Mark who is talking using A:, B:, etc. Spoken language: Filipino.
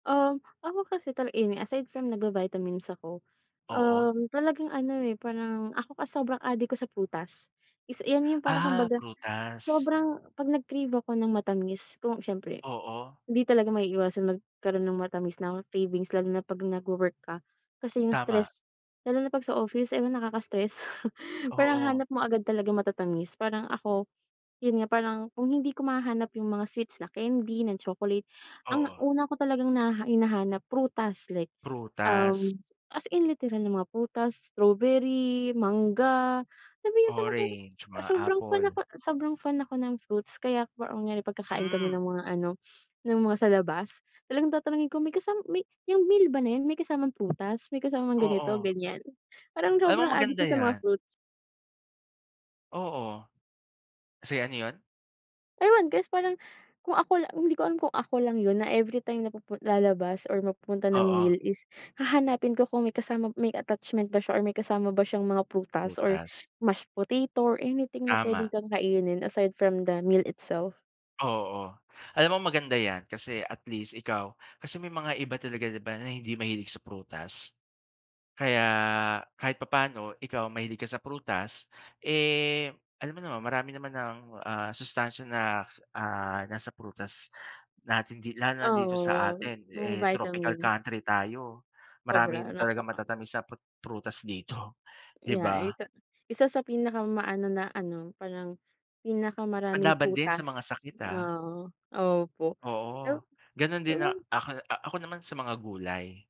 A: Uhm, ako kasi talaga any, aside from nagba-vitamins ako,
B: Oo.
A: uhm talagang ano eh parang ako kasi sobrang adik ko sa prutas. Is 'yan yung parang
B: Ah!
A: kumbaga,
B: prutas.
A: sobrang 'pag nag-crave ako ng matamis ku syempre,
B: Oo.
A: hindi talaga maiiwasan magkaro'n ng matamis na cravings lalo na 'pag nagwo-work ka, kasi yung
B: Tama.
A: stress lalo na 'pag sa office ewan nakaka-stress parang
B: Oo.
A: hanap mo agad talagang matatamis parang ako, yun nga parang kung hindi ko mahahanap yung mga sweets na candy, na chocolate ang
B: Oo.
A: una ko talagang hina hinahanap prutas like
B: Prutas.
A: uhm, as in literal na mga prutas, strawberry, mangga, na talaga
B: Orange, mga
A: sobrang fan ako,
B: apple.
A: sobrang fan ako ng fruits. Kaya ang nangyayari kapag kakain kami
B: Hmm.
A: ng mga-ano, ng mga sa labas, talagang tatanungin ko, may kasam may "Yong meal ba na 'yan may kasamang prutas, may kasamang ganito
B: Oo.
A: ganyan?" Parang
B: Alam mo
A: sobrang adik
B: maganda
A: ko sa mga
B: 'yan.
A: fruits.
B: Oo. Sige, ano 'yon?
A: Ewan kasi parang kung ako lang, hindi ko alam kung ako lang 'yon na everytime na pupu lalabas or mapupunta ng
B: Oo.
A: meal is hahanapin ko kung may kasama may attachment ba siya or may kasama ba siyang mga prutas or
B: Prutas.
A: mashed potato or anything na pwede
B: Tama.
A: kang kainin aside from the meal itself
B: Oo, o, alam mo maganda 'yan kasi at least ikaw, kasi may mga iba talaga 'di ba, na hindi mahilig sa prutas? Kaya kahit papaano ikaw mahilig ka sa prutas, eh, alam mo naman marami naman ang ah sustansiya na, ah, nasa prutas natin di lalo na
A: Ah,
B: dito sa
A: oo,
B: atin,
A: mga
B: eh tropical
A: vitamin.
B: country tayo. Marami
A: Sobra
B: talagang
A: napaka
B: matatamis na prut prutas dito, 'di ba.
A: [unintelligible] Isa sa pinakama-ano na-ano parang pinakamaraming
B: Panlaban din sa
A: prutas
B: mga sakit ah.
A: ah opo,
B: Oo,
A: eh
B: gano'n din
A: ewan.
B: ak ako a ako naman sa mga gulay.